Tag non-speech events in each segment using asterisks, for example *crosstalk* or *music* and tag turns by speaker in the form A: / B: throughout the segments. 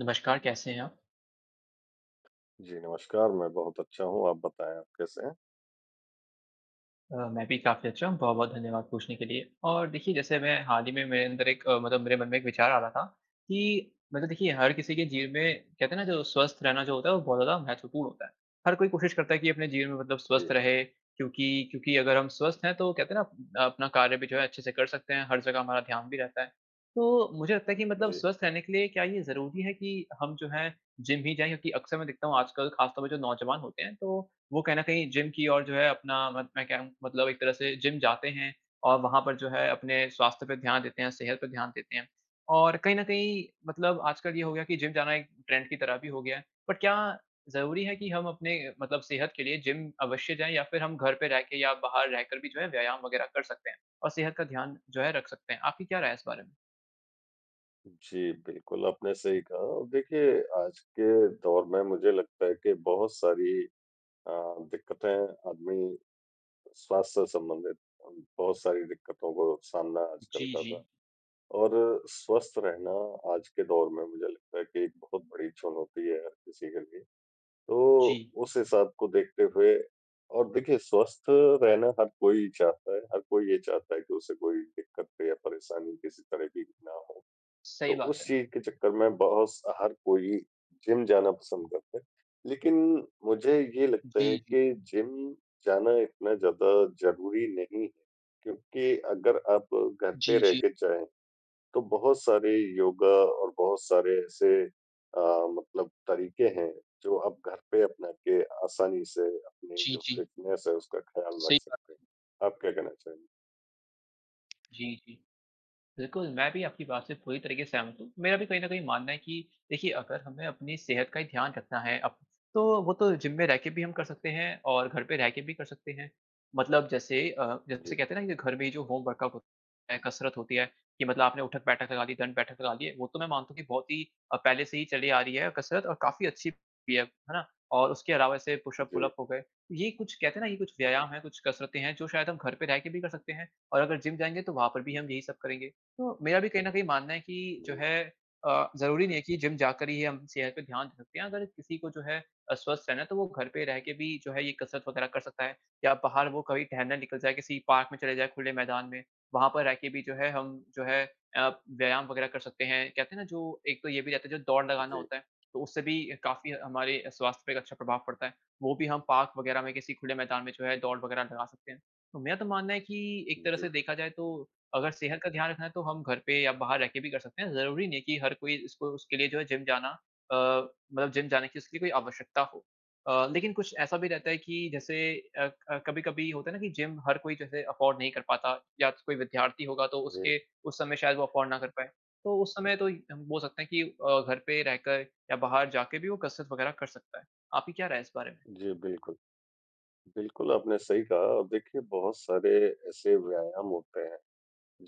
A: नमस्कार। कैसे हैं आप?
B: जी नमस्कार मैं बहुत अच्छा हूँ। आप बताएँ आप कैसे हैं?
A: अ, मैं भी काफ़ी अच्छा हूँ, बहुत-बहुत धन्यवाद पूछने के लिए। और देखिये जैसे मैं हाल ही मेरे अंदर एक मतलब मेरे मन में एक विचार आ रहा था, कि मतलब देखिये हर किसी के जीवन में कहते हैं ना जो स्वस्थ रहना जो होता है, वो बहुत ज़्यादा महत्वपूर्ण होता है। हर कोई कोशिश करता है कि अपने जीवन में मतलब स्वस्थ
B: जी।
A: रहे, क्योंकि क्योंकि अगर हम स्वस्थ हैं तो कहते हैं ना अ, अपना कार्य भी जो है अच्छे से कर सकते हैं, हर जगह हमारा ध्यान भी रहता है। तो मुझे लगता है कि मतलब
B: जी।
A: स्वस्थ रहने के लिए क्या ये ज़रूरी है कि हम जो हैं जिम ही जाएँ? क्योंकि अक्सर मैं देखता हूँ आजकल ख़ास तौर पे जो नौजवान होते हैं, तो वो कहीं न कहीं जिम की ओर जो है अपना मन मैं कह रहा हूँ मतलब एक तरह से जिम जाते हैं और वहाँ पर जो है अपने स्वास्थ्य पे ध्यान देते हैं, सेहत पे ध्यान देते हैं। और कहीं न कहीं मतलब आजकल ये हो गया कि जिम जाना एक ट्रेंड की तरह भी हो गया है। बट, क्या ज़रूरी है कि हम अपने मतलब सेहत के लिए जिम अवश्य जाएँ या फिर हम घर पे रह के या बाहर रहकर भी जो है, व्यायाम वग़ैरह कर सकते हैं? और सेहत का ध्यान जो है, रख सकते हैं? आपकी क्या राय है इस बारे में?
B: जी बिल्कुल आपने सही कहा। देखिए आज के दौर में मुझे लगता है कि बहुत सारी अ, दिक्कतें आदमी स्वास्थ्य से संबंधित बहुत सारी दिक्कतों को सामना आजकल
A: जी,
B: कर रहा है।
A: जी।
B: और स्वस्थ रहना आज के दौर में मुझे लगता है कि एक बहुत बड़ी चुनौती है, हर किसी के लिए। तो,
A: जी।
B: उस हिसाब को देखते हुए और देखिए स्वस्थ रहना हर कोई चाहता है, हर कोई ये चाहता है कि उसे कोई दिक्कत या परेशानी किसी तरह की ना हो। तो
A: सही बात
B: उस
A: है।
B: चीज़ के चक्कर में, बहुत स हर कोई जिम जाना पसंद करता है। लेकिन, मुझे ये लगता है
A: जी, जी।
B: कि जिम जाना इतना ज़्यादा ज़रूरी नहीं है। क्योंकि अगर आप घर पे
A: जी,
B: रह
A: जी।
B: के चाहें, तो बहुत सारे योगा और बहुत सारे ऐसे अ, मतलब तरीक़े हैं जो आप घर पे अपना के, आसानी से अपनी
A: जी,
B: जो
A: जी।
B: फिटनेस है उसका ख्याल रख
A: सही बात है।
B: सकते हैं। आप क्या कहना चाहेंगे?
A: जी, जी। बिल्कुल, मैं भी आपकी बात से पूरी तरीक़े से सहमत हूँ। मेरा भी कहीं न कहीं मानना है कि देखिये अगर हमें अपनी सेहत का ही ध्यान रखना है अब, तो वो तो जिम में रह के भी हम कर सकते हैं और घर पे रह के भी कर सकते हैं। मतलब जैसे अ,
B: जी।
A: जैसे कहते हैं ना घर में जो होम वर्कआउट हो, कसरत होती है, कि मतलब आपने उठक-बैठक लगा ली दंड-बैठक लगा दिए वो तो मैं मानता हूँ कि बहुत ही अ, पहले से ही चली आ रही है कसरत और काफ़ी अच्छी भी है। है ना? और उसके अलावा ऐसे पुश-अप,
B: जी।
A: पुल-अप हो गए, ये कुछ कहते है ना ये कुछ व्यायाम हैं कुछ कसरतें हैं जो शायद हम घर पे रह के भी कर सकते हैं और अगर जिम जाएँगें तो वहाँ पर भी
B: जी।
A: हम यही सब करेंगे। तो मेरा भी कहीं न कहीं मानना है कि जो
B: जी।
A: है अ, ज़रूरी नहीं है कि जिम जाकर ही हम सेहत पे ध्यान दे सकते हैं, अगर किसी को जो है अ, स्वस्थ रहना है तो वो घर पे रह के भी जो है ये कसरत वग़ैरह कर सकता है या बाहर वो कभी टहलने निकल जाए किसी पार्क में चले जाएँ खुले मैदान में, वहाँ पर रह के भी जो है हम जो है अ, व्यायाम वग़ैरह कर सकते हैं। कहते हैं ना जो एक तो ये भी रहता है जो दौड़ लगाना
B: जी।
A: होता है, तो उससे भी काफ़ी हमारे स्वास्थ्य पे एक अच्छा प्रभाव पड़ता है। वो भी हम पार्क वग़ैरह में किसी खुले मैदान में जो है दौड़ वग़ैरह लगा सकते हैं। तो मेरा तो मानना है कि, एक तरह
B: जी।
A: से देखा जाए तो अगर सेहत का ध्यान रखना है तो हम घर पे या बाहर रह के भी कर सकते हैं। ज़रूरी नहीं है कि हर कोई इसको उसके लिए जो है जिम जाना अ, मतलब जिम जाने की उसके लिए कोई आवश्यकता हो। अ, लेकिन कुछ ऐसा भी रहता है कि जैसे अ, क कभी-कभी होता है ना कि जिम हर कोई जो है अफोर्ड नहीं कर पाता, या कोई विद्यार्थी होगा तो
B: जी।
A: उसके उस समय शायद वो अफोर्ड ना कर पाए, तो उस समय तो हम बोल सकते है कि अ, घर पे रहकर, या बाहर जाके भी वो कसरत वग़ैरह कर सकता है। आपकी क्या राय है इस बारे में?
B: जी, बिल्कुल। बिल्कुल आपने सही कहा, देखिए बहुत सारे ऐसे व्यायाम होते हैं,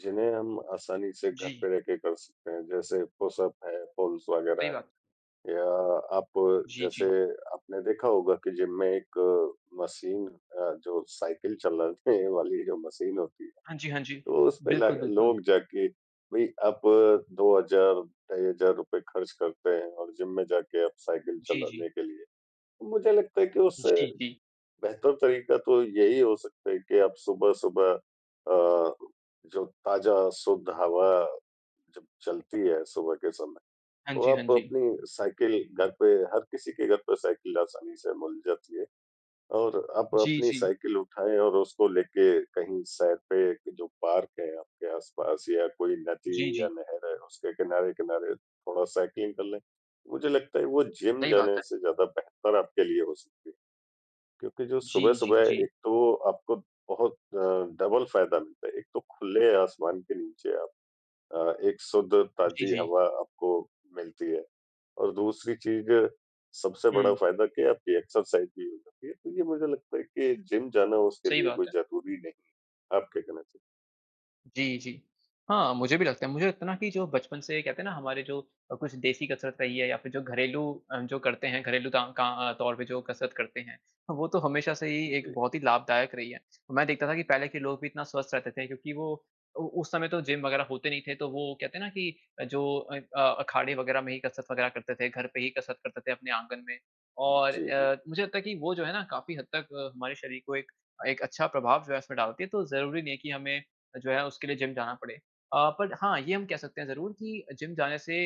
B: जिन्हें हम आसानी से घर
A: जी।
B: पे रह के कर सकते हैं, जैसे पुश-अप है पुल्स
A: सही
B: वग़ैरह,
A: बात।
B: या आप
A: जी,
B: जैसे
A: जी।
B: आपने देखा होगा कि जिम में एक मशीन अ, जो साइकिल चलाने वाली जो मशीन होती है,
A: हाँ जी, हाँ जी।
B: तो उसमें
A: बिल्कुल,
B: लाग
A: बिल्कुल।
B: लोग जाके भई आप 2,000, ढाई हज़ार रुपए ख़र्च करते हैं और जिम में जाके आप साइकिल
A: जी, जी।
B: चलाने के लिए। मुझे लगता है कि उससे
A: जी, जी।
B: बेहतर तरीक़ा तो यही हो सकता है कि आप सुबह-सुबह अ, जो ताज़ा शुद्ध हवा जब चलती है सुबह के समय,
A: हाँ
B: तो
A: जी, हाँ
B: आप
A: जी।
B: अपनी साइकिल घर पे हर किसी के घर पे साइकिल आसानी से मिल जाती है, और आप
A: जी,
B: अपनी
A: जी।
B: साइकिल उठाएँ और उसको लेके कहीं सैर पे जो पार्क है आपके आस-पास या कोई
A: जी,
B: नदी या
A: जी।
B: नहर है उसके किनारे-किनारे थोड़ा साइकिलिंग कर लें, मुझे लगता है वो जिम
A: सही बात
B: जाने
A: है।
B: से ज़्यादा बेहतर आपके लिए हो सकती है। क्योंकि जो
A: जी, जी,
B: सुबह-सुबह
A: जी।
B: एक तो आपको बहुत अ, डबल फायदा मिलता है एक तो खुले आसमान के नीचे आप अ, एक शुद्ध
A: जी,
B: ताजी
A: जी।
B: हवा आपको मिलती है। और दूसरी चीज़, सबसे बड़ा
A: हुँ।
B: फ़ायदा क्या है आपकी एक्सरसाइज़ भी हो जाती है तो ये मुझे लगता है कि जिम जाना उसके
A: सही
B: लिए
A: बात
B: कोई
A: है।
B: ज़रूरी नहीं है। आप क्या कहना चाहे
A: जी, जी। हाँ, मुझे भी लगता है, मुझे लगता है ना कि जो बचपन से कहते हैं ना हमारे जो कुछ देसी कसरत रही है या फ़िर जो घरेलू अ, जो करते हैं घरेलू ताँ क अ, तौर पे जो कसरत करते हैं, वो तो हमेशा से ही एक
B: जी।
A: बहुत ही लाभदायक रही है। मैं देखता था कि पहले के लोग भी इतना स्वस्थ रहते थे, क्योंकि वो ओ उस समय तो जिम वग़ैरह होते नहीं थे तो वो कहते हैं ना कि जो अन अ, अखाड़े वग़ैरह में ही कसरत वग़ैरह करते थे, घर पे ही कसरत करते थे अपने आंगन में, और
B: जी, जी।
A: अ, मुझे लगता है कि वो जो है ना काफ़ी हद तक हमारे शऱीर को एक एक अच्छा प्रभाव जो है उसमें डालती है तो ज़रूरी नहीं है कि हमे, जो है उसके लिए जिम जाना पड़े। अ, पर हाँ ये हम कह सकते हैं ज़रूर कि जिम जाने से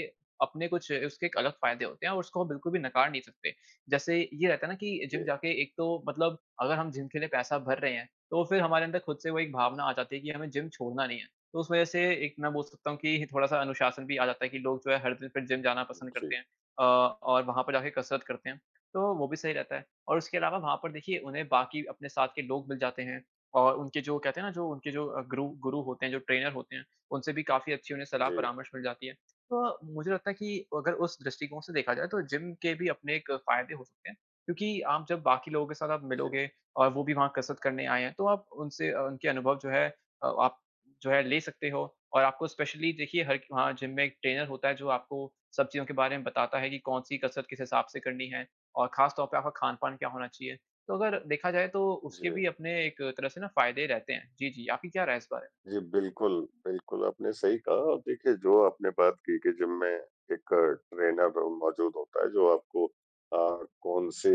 A: अपने कुछ उसके अलग फ़ायदे होते हैं और उसको हम बिल्कुल भी नकार नहीं सकते। जैसे ये रहता है ना कि जिम
B: जी।
A: जाके एक तो मतलब अगर हम जिम के लिए पैसा भर रहे हैं, तो फ़िर हमारे अंदर ख़ुद से वो एक भावना आ जाती है कि हमें जिम छोड़ना नहीं है। तो उस वज़ह से एक मैं बोल सकता हूँ कि थोड़ा-सा अनुशासन भी आ जाता है कि लोग जो है हर दिन फ़िर जिम जाना पसंद
B: जी।
A: करते हैं, अ, और वहाँ पर जाके कसरत करते हैं। तो वो भी सही रहता है, और उसके अलावा वहाँ पर देखिये उन्हें बाकी अपने साथ के लोग मिल जाते हैं, और उनके जो कहते हैं ना जो उनके जो गुरु गुरु होते हैं जो ट्रेनर होते हैं, उनसे भी काफ़ी अच्छी उन्हें सलाह
B: जी।
A: परामर्श मिल जाती है। तो मुझे लगता है कि अगर उस दृष्टिकोण से देखा जाये तो जिम के भी अपने एक फ़ायदे हो सकते हैं, क्योंकि आप जब बाकी लोगों के साथ आप
B: जी।
A: मिलोगे और वो भी वहाँ कसरत करने आएँ हैं तो आप उनसे उनके अनुभव जो हैं अ आप जो है ले सकते हो और आपको स्पेशली देखिये हर वहाँ जिम में एक ट्रेनर होता है जो आपको सब चीज़ों के बारे में बताता है कि कौन-सी कसरत किस हिसाब से करनी है, और ख़ास तौर पे आपका खान-पान क्या होना चाहिए। तो अगर देखा जाए तो उसके
B: जी।
A: भी अपने एक तरह से ना फ़ायदे ही रहते हैं जी, जी। आपकी क्या राय है इस बारे में?
B: जी, बिल्कुल। बिल्कुल, आपने सही कहा और देखिए जो आपने बात कि के जिम में एक ट्रेनर मौज़ूद होता है जो आपको अ, कौन-से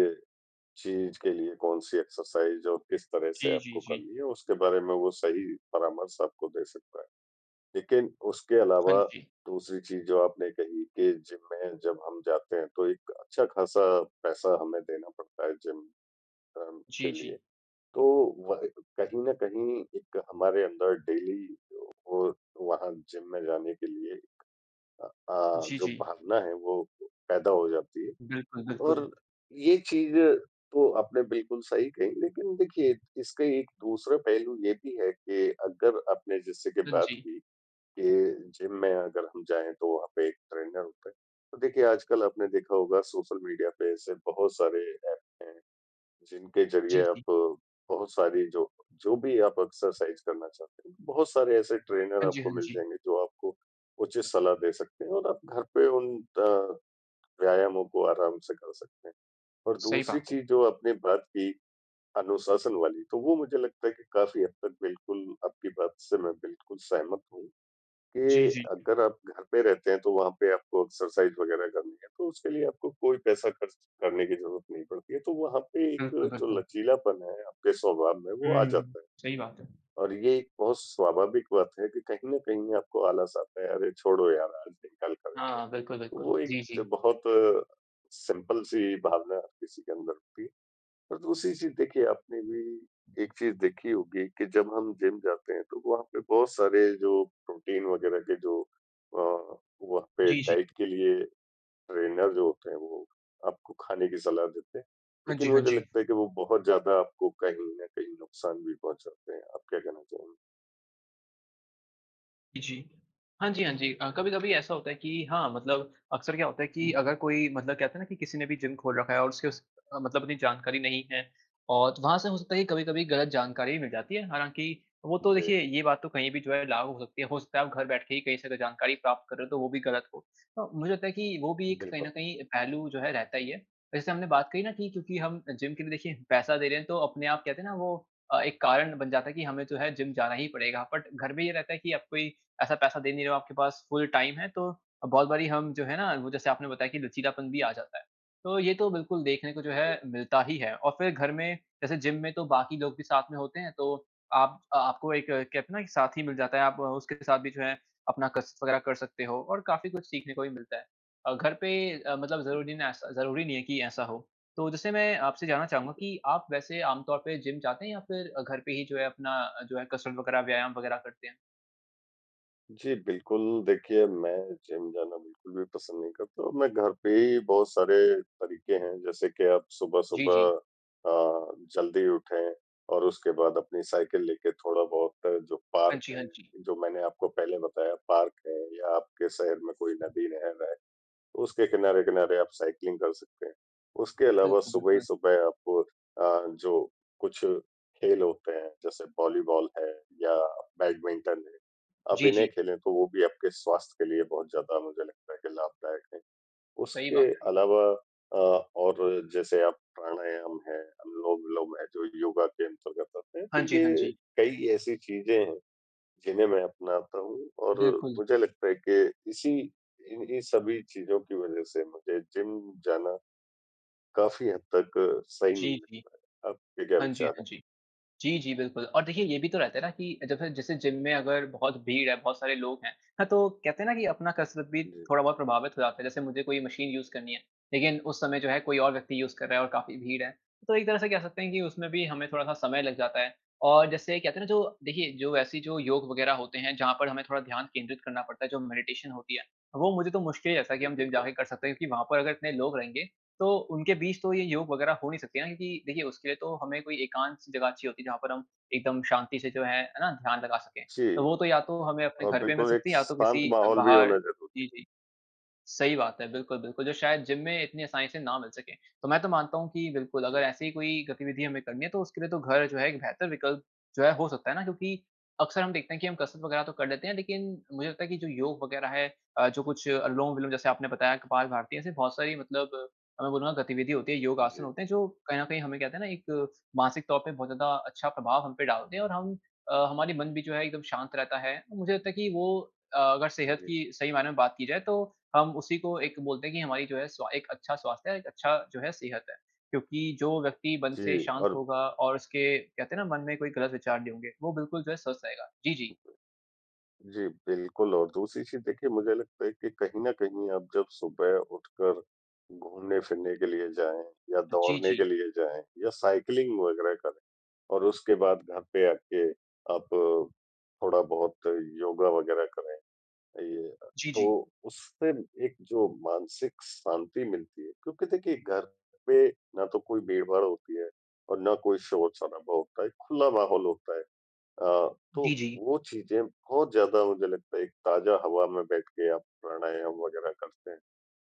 B: चीज़ के लिए कौन-सी एक्सरसाइज़ और किस तरह से
A: जी, जी,
B: आपको
A: जी।
B: करनी है, उसके बारे में वो सही परामर्श आपको दे सकता है। लेकिन उसके
A: हाँ
B: अलावा
A: जी।
B: दूसरी चीज़ जो आपने कही कि जिम में जब हम जाते हैं तो एक अच्छा-ख़ासा पैसा हमें देना पड़ता है जिम अम के
A: जी,
B: लिए
A: जी।
B: तो व कहीं न कहीं एक हमारे अंदर डेली वो वहाँ जिम में जाने के लिए, अ अ,
A: जी,
B: जो
A: जी।
B: भावना है वो पैदा हो जाती है,
A: बिल्कुल, बिल्कुल।
B: और ये चीज़ें तो आपने बिल्कुल सही कही, लेकिन देखिए इसका एक दूसरा पहलू ये भी है कि अगर आपने जैसे की
A: हाँ
B: बात
A: जी।
B: की के जिम में अगर हम जाए तो वहाँ पे एक ट्रेनर होता है। तो देखिए आज कल आपने देखा होगा सोशल मीडिया पे ऐसे बहुत सारे एप्स हैं, जिनके ज़रिए
A: जी,
B: आप
A: जी।
B: बहुत सारी जो जो भी आप एक्सरसाइज़ करना चाहते हैं, बहुत सारे ऐसे ट्रेनर
A: हाँ जी,
B: आपको
A: हाँ
B: मिल
A: जी।
B: जाएँगे जो आपको उचित सलाह दे सकते हैं और आप घर पे उन अ, व्यायामों को आराम से कर सकते हैं। और
A: सही
B: दूसरी
A: बात है।
B: चीज़ जो आपने बात की अनुशासन वाली, तो वो मुझे लगता है कि काफ़ी हद तक बिल्कुल, आपकी बात से मैं बिल्कुल सहमत हूँ,
A: जी,
B: कि
A: जी।
B: अगर आप घर पे रहते हैं तो वहाँ पे आपको एक्सरसाइज़ वग़ैरह करनी है तो उसके लिए आपको कोई पैसा खर्च करने की ज़रूरत नहीं पड़ती है तो वहाँ पे एक
A: बिल्कुल,
B: जो
A: बिल्कुल।
B: लचीलापन है आपके स्वभाव में वो आ
A: हुँ,
B: जाता है।
A: सही बात है।
B: और ये एक बहुत स्वाभाविक बात है कि कहीं न कहीं आपको आलस आता है अरे छोड़ो यार आज नहीं कल करेंगे,
A: हाँ, बिल्कुल, बिल्कुल।
B: वो एक
A: जी,
B: ज
A: जी।
B: बहुत अ, सिंपल सी भावना किसी के अंदर होती है, और दूसरी चीज़ देखिए आपने भी एक चीज़ देखी होगी कि जब हम जिम जाते हैं तो वहाँ पे बहुत सारे जो प्रोटीन वग़ैरह के जो अ, वहाँ पे
A: जी, जी।
B: डाइट के लिए ट्रेनर जो होते हैं, वो आपको खाने की सलाह देते हैं।
A: हाँ
B: लेकिन
A: जी, हाँ
B: मुझे
A: जी।
B: लगता है कि वो बहुत ज़्यादा आपको कहीं न कहीं नुक़सान भी पहुँचाते हैं। आप क्या कहना चाहेंगे?
A: जी। हाँ जी, हाँ जी। अ, कभी-कभी ऐसा होता है कि हाँ, मतलब अक्सर क्या होता है कि अगर कोई मतलब कहते है ना कि किसी ने भी जिम खोल रखा है और उसके उस मतलब अपनी जानकारी नहीं है, और वहाँ से हो सकता है कि कभी-कभी ग़लत जानकारी भी मिल जाती है, हालांकि वो तो
B: जी।
A: देखिए ये बात तो कहीं भी जो है लागू होती है हो सकता है वो घर बैठ के ही कहीं से जानकारी प्राप्त कर रहे हो तो वो भी ग़लत हो। तो मुझे लगता है कि वो भी एक कहीं न
B: बिल्कुल।
A: कहीं पहलू जो है रहता ही है। जैसे हमने बात कही न कि क्योंकि हम जिम के लिए देखिए पैसा दे रहे है तो अपने आप कहते है ना वो अ, एक कारण बन जाता है कि हमें जो है जिम जाना ही पड़ेगा, बट घर में ये रहता है कि अब कोई ऐसा पैसा दे नहीं रहे हो, आपके पास फुल टाइम है, तो बहुत बारी हम जो है ना जैसे आपने बताया कि लचीलापन भी आ जाता है, तो ये तो बिल्कुल देखने को जो
B: जी।
A: है मिलता ही है। और फिर घर में जैसे जिम में तो बाकी लोग भी साथ में होते हैं तो आप आपको एक कहते हैं ना साथी मिल जाता है, आप उसके साथ भी जो है अपना कसरत वग़ैरह कर सकते हो, और काफ़ी कुछ सीखने को भी मिलता है। अ, घर पे अ, मतलब
B: जी।
A: ज़रूरी ना स ज़रूरी नहीं है कि ऐसा हो। तो जैसे मैं आपसे जानना चाहूँगा कि आप वैसे आम तौर पे जिम जाते हैं या फिर घर पे ही जो है अपना अ, जो है कसरत वग़ैरह, व्यायाम वग़ैरह करते हैं?
B: जी, बिल्कुल। देखिए, मैं जिम जाना बिल्कुल भी पसंद नहीं करता हूँ। मैं घर पे ही बहुत सारे तरीके हैं, जैसे कि आप
A: जी,
B: सुबह-सुबह
A: जी।
B: अ, जल्दी उठें और उसके बाद अपनी साइकिल लेके थोड़ा-बहुत, जो
A: हाँ
B: पार्क
A: जी, हाँ
B: है,
A: जी।
B: जो मैंने आपको पहले बताया, पार्क है या आपके शहर में कोई नदी-नहर है, उसके किनारे-किनारे आप साइक्लिंग कर सकते हैं। उसके अलावा
A: बिल्कुल,
B: सुबह ही
A: बिल्कुल।
B: सुबह आप अ, जो कुछ खेल होते हैं, जैसे वॉलीबॉल है या बैडमिंटन है, आप
A: जी, जी।
B: इन्हें खेलें, तो वो भी आपके स्वास्थ्य के लिए बहुत ज़्यादा मुझे लगता है कि लाभदायक हैं।
A: सही
B: उसके
A: बात है।
B: अलावा अ, और जैसे अब प्राणायाम है, अनुलोम-विलोम है, जो योगा के अंतर्गत आते हैं,
A: हाँ
B: तो
A: जी, हाँ
B: ये
A: जी।
B: कई ऐसी चीज़ें हैं, जिन्हें मैं अपनाता हूँ और
A: बिल्कुल।
B: मुझे लगता है कि इसी इन्ही सभी चीज़ों की वज़ह से मुझे जिम जाना काफ़ी हद तक सही नहीं
A: जी, जी।
B: लगता। आपके क्या
A: हाँ जी,
B: विचार
A: हाँ
B: है?
A: जी। जी, जी, बिल्कुल और देखिए, ये भी तो रहता है ना कि जब से जैसे जिम में अगर बहुत भीड़ है, बहुत सारे लोग हैं, हाँ, तो कहते हैं ना कि अपना कसरत भी
B: जी।
A: थोड़ा बहुत प्रभावित हो जाता है। जैसे मुझे कोई मशीन यूज़ करनी है, लेकिन उस समय जो है कोई और व्यक्ति यूज़ कर रहा है और काफ़ी भीड़ है। तो एक तरह से कह सकते हैं कि उसमे भी हमें थोड़ा-सा समय लग जाता है और जैसे कहते हैं ना, जो देखिये, जो ऐसी जो योग वगैरह होते है, जहाँ पर हमें थोड़ा ध्यान केंद्रित करना पड़ता है, जो मेडिटेशन होती है, वो मुझे तो मुश्किल ही ऐसा है कि
B: जी,
A: हम जिम
B: बिल्कुल।
A: जाके कर सकते हैं क्योंकि वहाँ पर अगर इतने लोग रहेंगे, तो उनके बीच तो ये योग वगैरह हो नहीं सकती ना, क्योंकि देखिए, उसके लिए तो हमें कोई एकांत-सी जगह चाहिए होती है, जहाँ पर हम एकदम शांति से जो है, है ना, ध्यान लगा सकें। तो
B: जी।
A: वो तो या तो हमें अपने
B: और
A: घर पे मिल
B: बिल्कुल एक
A: सकती है या तो
B: शांत
A: किसी अ,
B: माहौल भी
A: बाहर
B: होना ज़रूरी है।
A: जी, जी। सही बात है, बिल्कुल, बिल्कुल, जो शायद जिम में इतनी आसानी से ना मिल सके। तो मैं तो मानता हूँ कि बिल्कुल, अगर
B: जी।
A: ऐसी कोई गतिविधि हमें करनी है, तो उसके लिए तो घर जो है, एक बेहतर विकल्प जो है, हो सकता है ना क्योंकि अक्सर हम देखते हैं कि हम कसरत वगैरह तो कर लेते हैं, लेकिन मुझे लगता है कि जो योग वगैरह है अ, जो कुछ अनुलोम-विलोम जैसे आपने बताया कपाल भारती है ऐसी बहुत सारी मतलब मैं बोलूँगा, गतिविधि होती है, योग आसन
B: जी।
A: होते हैं, जो कहीं न कहीं हमें, कहते हैं ना एक मानसिक तौर पे बहुत ज़्यादा अच्छा प्रभाव हम पे डालते हैं और हम अ, हमारी मन भी जो है, एकदम शांत रहता है। तो मुझे लगता है कि वो अ, अगर सेहत
B: जी।
A: की सही मायने में बात की जाए, तो हम उसी को एक बोलते हैं कि हमारी जो है, स्वा एक अच्छा स्वास्थ्य है, एक अच्छा जो है, सेहत है। क्योंकि जो व्यक्ति मन से
B: जी
A: शांत
B: और
A: होगा और उसके, कहते हैं ना, मन में कोई गलत विचार नहीं होंगे, वो बिल्कुल जो है, स्वस्थ रहेगा। जी, जी।
B: जी, बिल्कुल और दूसरी चीज़ देखिए, मुझे लगता है कि कहीं न कहीं आप जब सुबह उठकर घूमने-फिरने के लिए जाएँ या
A: जी,
B: दौड़ने के
A: जी।
B: लिए जाएँ या साइक्लिंग वगैरह करें और उसके बाद घर पे आके आप थोड़ा-बहुत योगा वगैरह करें। अ, ये अ,
A: जी, जी।
B: तो उस दिन एक जो मानसिक शांति मिलती है क्योंकि देखिए, घर पे ना तो कोई भीड़-भाड़ होती है और ना कोई शोर-शराबा होता है, एक खुला माहौल होता है। अ,
A: जी,
B: तो
A: जी।
B: वो चीज़ें बहुत ज़्यादा मुझे लगता है, एक ताज़ा हवा में बैठ के आप प्राणायाम वगैरह करते हैं,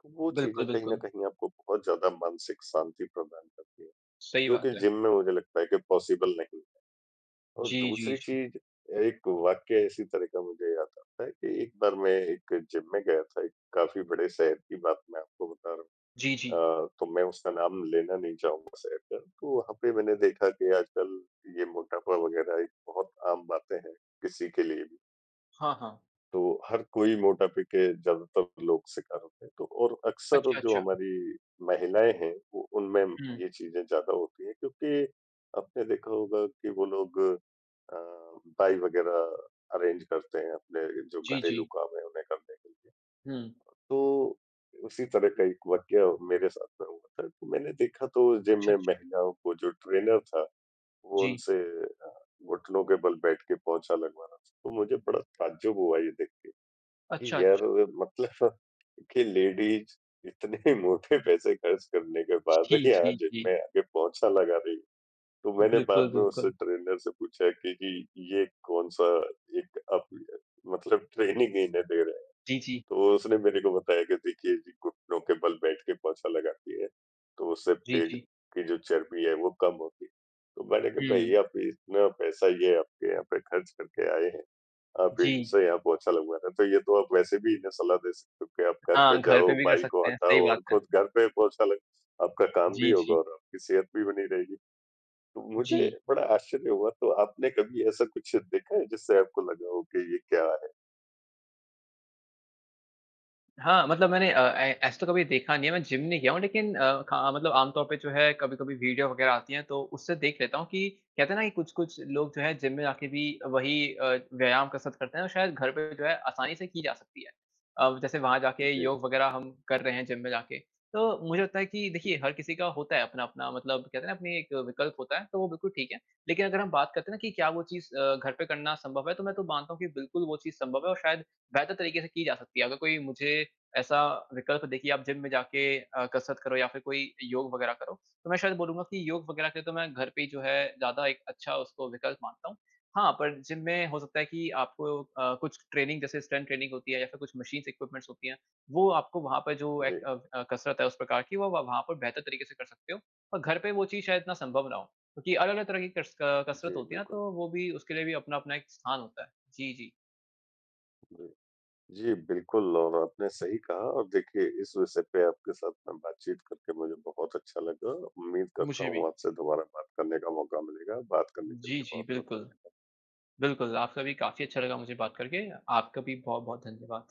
B: तो वो
A: बिल्कुल,
B: चीज़ें कहीं न
A: बिल्कुल।
B: कहीं आपको बहुत ज़्यादा मानसिक शांति प्रदान करती हैं,
A: सही
B: जो
A: बात
B: कि
A: है।
B: जिम में मुझे लगता है कि पॉसिबल नहीं है। और
A: जी, जी,
B: दूसरी
A: जी।
B: चीज़, एक वाक्या इसी तरह का मुझे याद आता है कि एक बार मैं एक जिम में गया था, एक काफ़ी बड़े शहर की बात मैं आपको बता रहा
A: जी, जी।
B: हूँ। अ, तो मैं उसका नाम लेना नहीं चाहूँगा शहर का, तो वहाँ पे मैंने देखा कि आजकल ये मोटापा वगैरह एक बहुत आम बातें हैं, किसी के लिए भी।
A: हाँ, हाँ।
B: तो, हर कोई मोटापे के ज़्यादातर लोग शिकार होते हैं। तो और अक्सर
A: अच्छा,
B: जो
A: अच्छा।
B: हमारी महिलाएँ हैं, वो उनमें
A: हुँ।
B: ये चीज़ें ज़्यादा होती है, क्योंकि आपने देखा होगा कि वो लोग अ, बाई वगैरह अरेंज करते हैं, अपने जो
A: जी,
B: घरेलू
A: जी।
B: काम हैं, उन्हें करने के लिए।
A: हुँ।
B: तो उसी तरह का एक वाक़या मेरे साथ में हुआ था। तो मैंने देखा तो जिम
A: अच्छा,
B: में
A: अच्छा।
B: महिलाओं को जो ट्रेनर था, वो
A: जी।
B: उनसे अ, घुटनों के बल बैठ के पोंछा लगवा रहा। तो मुझे बड़ा ताज़्ज़ुब हुआ ये देख के,
A: अच्छा,
B: कि यार
A: अच्छा।
B: मतलब *chuckles* कि लेडीज़ इतने मोटे पैसे खर्च करने के बाद,
A: जी,
B: यहाँ
A: जी,
B: जिम
A: जी।
B: में आके पोंछा लगा रही। तो मैंने
A: बिल्कुल,
B: बाद में उस
A: बिल्कुल।
B: ट्रेनर से पूछा के जी ये कौन-सा एक आप य मतलब ट्रेनिंग इन्हें दे रहे है,
A: जी, जी।
B: तो उसने मेरे को बताया कि देखिए जी, घुटनों के बल बैठ के पोंछा लगाती है, तो उससे
A: जी,
B: पेट
A: जी।
B: की जो चर्बी है वो कम होती। तो मैंने कहा भई
A: हुँ।
B: आप इतना पैसा ये आपके यहाँ पे खर्च करके आएँ हैं, आप
A: जी।
B: इनसे यहाँ पोंछा लगवा रहे हो तो, ये तो आप वैसे भी इन्हें सलाह दे सकते हो, कि आप घर पे
A: हाँ घर पे
B: जाओ
A: भी कर
B: बाई को
A: सकते हैं। सही
B: हटाओ
A: बात
B: और
A: है।
B: खुद घर पे पोंछा लग आपका काम भी
A: जी,
B: होगा
A: जी।
B: और आपकी सेहत भी बनी रहेगी। तो मुझे
A: जी।
B: बड़ा आश्चर्य हुआ तो आपने कभी ऐसा कुछ देखा है जिससे आपको लगा हो कि ये क्या है?
A: हाँ, मतलब मैंने अ, ए ऐसा तो कभी देखा नहीं है, मैं जिम नहीं गया हूँ लेकिन अ, ख मतलब आमतौर पे जो है कभी-कभी वीडियो वग़ैरह आती है, तो उससे देख लेता हूँ, कि कहते हैं ना, कि कुछ-कुछ लोग जो है, जिम में जाके भी वही अ, व्यायाम कसरत करते हैं। और शायद घर पे जो है, आसानी से की जा सकती है। अ, जैसे वहाँ जाके
B: जी।
A: योग वग़ैरह हम कर रहे हैं, जिम में जाके, तो मुझे लगता है कि देखिए
B: हुँ।
A: हर किसी का होता है, अपना-अपना मतलब कहते है ना, अपने एक विकल्प होता है, तो वो बिल्कुल ठीक है। लेकिन अगर हम बात करते हैं ना, कि क्या वो चीज़ अ, घर पे करना संभव है। तो मैं तो मानता हूँ, कि बिल्कुल वो चीज़ संभव है। और शायद बेहतर तरीक़े से की जा सकती है, अगर कोई मुझे ऐसा विकल्प देखिए आप जिम में जाके अ, कसरत करो या फ़िर कोई योग वग़ैरह करो, तो मैं शायद बोलूँगा कि योग वग़ैरह के लिए, तो मैं घर पे ही जो है ज़्यादा एक अच्छा उसको विकल्प मानता हूँ। हाँ पर जिम में हो सकता है कि आपको अ, कुछ ट्रेनिंग जैसे स्ट्रेंग्थ ट्रेनिंग होती है, या फिर कुछ मशीन इक्विपमेंट्स होती हैं, वो आपको वहाँ पे जो एक
B: जी।
A: अ अ कसरत है, उस प्रकार की वो वहाँ पर बेहतर तरीक़े से कर सकते हो। और घर पे वो चीज़ शायद इतना संभव ना हो। क्योंकि अलग-अलग तरह की कस अ कसरत
B: जी,
A: होती है ना,
B: बिलकुल।
A: तो वो भी उसके लिए भी अपना-अपना एक स्थान होता है। जी, जी।
B: जी। जी, बिल्कुल और आपने सही कहा और देखिए इस विषय पे आपके साथ में बातचीत करके मुझे बहुत अच्छा लगा। उम्मीद करता
A: मुझे भी।
B: हूँ, आपसे दुबारा बात करने का मौक़ा मिलेगा, बात करने के
A: जी,
B: लिए
A: जी।
B: बहुत-बहुत
A: बिल्कुल।
B: धन्यवाद।
A: बिल्कुल, आपका भी काफ़ी अच्छा लगा मुझे बात करके। आपका भी बहुत-बहुत धन्यवाद।